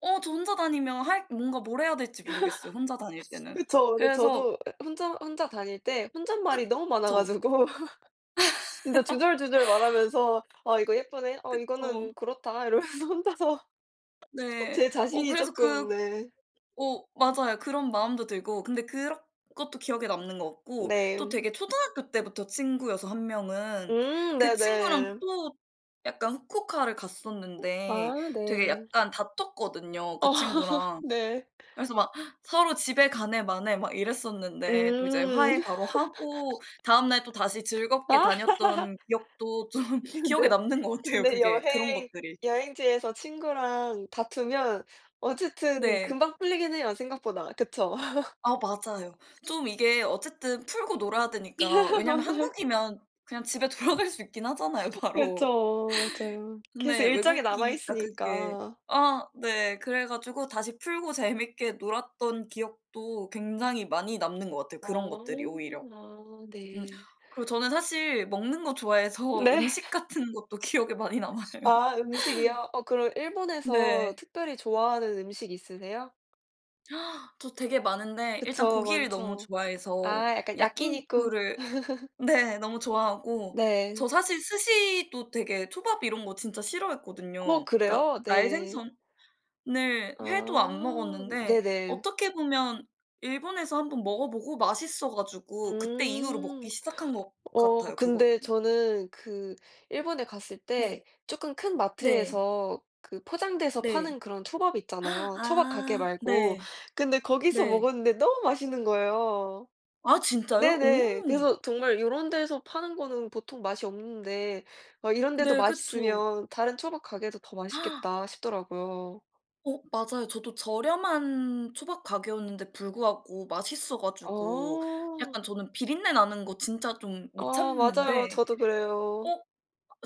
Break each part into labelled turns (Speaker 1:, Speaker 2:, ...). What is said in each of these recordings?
Speaker 1: 어 저 혼자 다니면 할 뭔가 뭘 해야 될지 모르겠어요 혼자 다닐 때는.
Speaker 2: 그쵸. 네
Speaker 1: 그래서
Speaker 2: 저도 에 혼자 혼자 다닐 때 혼잣말이 너무 많아
Speaker 1: 그쵸.
Speaker 2: 가지고 진짜 주절주절 말하면서 "아 이거 예쁘네. 어
Speaker 1: 그쵸.
Speaker 2: 이거는 그렇다." 이러면서 혼자서 아
Speaker 1: 네.
Speaker 2: 제
Speaker 1: 어
Speaker 2: 자신이
Speaker 1: 그래서 그
Speaker 2: 쪼끔 네.
Speaker 1: 어 맞아요. 그런 마음도 들고 근데 그런 것도 기억에 남는 것 같고 또
Speaker 2: 네.
Speaker 1: 되게 초등학교 때부터 친구여서 1 명은
Speaker 2: 음
Speaker 1: 그 친구랑
Speaker 2: 네네.
Speaker 1: 또 약간 후쿠오카를 갔었는데
Speaker 2: 아
Speaker 1: 되게
Speaker 2: 네.
Speaker 1: 약간 다퉜거든요
Speaker 2: 어
Speaker 1: 그 친구랑.
Speaker 2: 네.
Speaker 1: 그래서 막 서로 집에 가네 마네 막 이랬었는데 또 이제
Speaker 2: 음.
Speaker 1: 화해 바로 하고 다음날 또다시 즐겁게
Speaker 2: 아.
Speaker 1: 다녔던 기억도 좀 기억에
Speaker 2: 근데
Speaker 1: 남는 것 같아요
Speaker 2: 근데
Speaker 1: 그게 그런
Speaker 2: 여행
Speaker 1: 것들이.
Speaker 2: 여행지에서 친구랑 다투면 어쨌든
Speaker 1: 네.
Speaker 2: 금방 풀리긴 해요 생각보다, 그쵸?
Speaker 1: 아 맞아요. 좀 이게 어쨌든 풀고 놀아야 되니까 왜냐면
Speaker 2: 맞아요.
Speaker 1: 한국이면 그냥 집에 돌아갈 수 있긴 하잖아요 바로.
Speaker 2: 그쵸. 맞아요. 계속
Speaker 1: 근데
Speaker 2: 일정이
Speaker 1: 외국이니까 그게
Speaker 2: 남아있으니까.
Speaker 1: 아 네 그래 가지고 다시 풀고 재밌게 놀았던 기억도 굉장히 많이 남는 것 같아요
Speaker 2: 아.
Speaker 1: 그런 것들이 오히려.
Speaker 2: 아
Speaker 1: 음
Speaker 2: 네.
Speaker 1: 그리고 저는 사실 먹는 거 좋아해서
Speaker 2: 네.
Speaker 1: 음식 같은 것도 기억에 많이 남아요.
Speaker 2: 아 음식이요? 어 그럼 일본에서
Speaker 1: 네.
Speaker 2: 특별히 좋아하는 음식이 있으세요?
Speaker 1: 저 되게 많은데 일단
Speaker 2: 그쵸.
Speaker 1: 고기를 너무
Speaker 2: 많죠.
Speaker 1: 좋아해서
Speaker 2: 아 약간 야끼니꾸.
Speaker 1: 야끼니쿠를 네 너무 좋아하고
Speaker 2: 네.
Speaker 1: 저 사실 스시도 되게 초밥 이런 거 진짜
Speaker 2: 어
Speaker 1: 싫어했거든요. 그러니까
Speaker 2: 그래요? 네.
Speaker 1: 날생선을 회도 안
Speaker 2: 아
Speaker 1: 먹었는데
Speaker 2: 네네.
Speaker 1: 어떻게 보면 일본에서 1 번 먹어 보고 맛있어 가지고 그때 이후로 먹기
Speaker 2: 음.
Speaker 1: 시작한 것
Speaker 2: 어
Speaker 1: 같아요 그것도.
Speaker 2: 근데 저는 그 일본에 갔을 때
Speaker 1: 네.
Speaker 2: 쪼끔 큰
Speaker 1: 네.
Speaker 2: 마트에서 그 포장돼서 파는
Speaker 1: 네.
Speaker 2: 그런 초밥 있잖아요 초밥 가게
Speaker 1: 아
Speaker 2: 말고.
Speaker 1: 네.
Speaker 2: 근데 거기서
Speaker 1: 네.
Speaker 2: 먹었는데 너무 맛있는 거예요.
Speaker 1: 아 진짜요? 오.
Speaker 2: 네네. 그래서 정말 '요런 데서 파는 거는 보통 맛이 없는데 막 이런 데도
Speaker 1: 네. 그쵸.
Speaker 2: 맛있으면 다른 초밥 가게도 더 맛있겠다.' 싶더라고요.
Speaker 1: 어 맞아요. 저도 저렴한 초밥 가게였는데 불구하고 맛있어 가지고
Speaker 2: 어.
Speaker 1: 약간 저는 비린내 나는 거 진짜 좀 못
Speaker 2: 어 맞아요.
Speaker 1: 참는데
Speaker 2: 저도 그래요.
Speaker 1: 어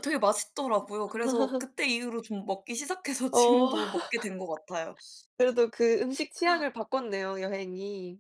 Speaker 1: 되게 맛있더라고요. 그래서 그때 이후로 좀 먹기 시작해서
Speaker 2: 어.
Speaker 1: 지금도 먹게 된 것 같아요.
Speaker 2: 그래도 그 음식 취향을 바꿨네요 여행이.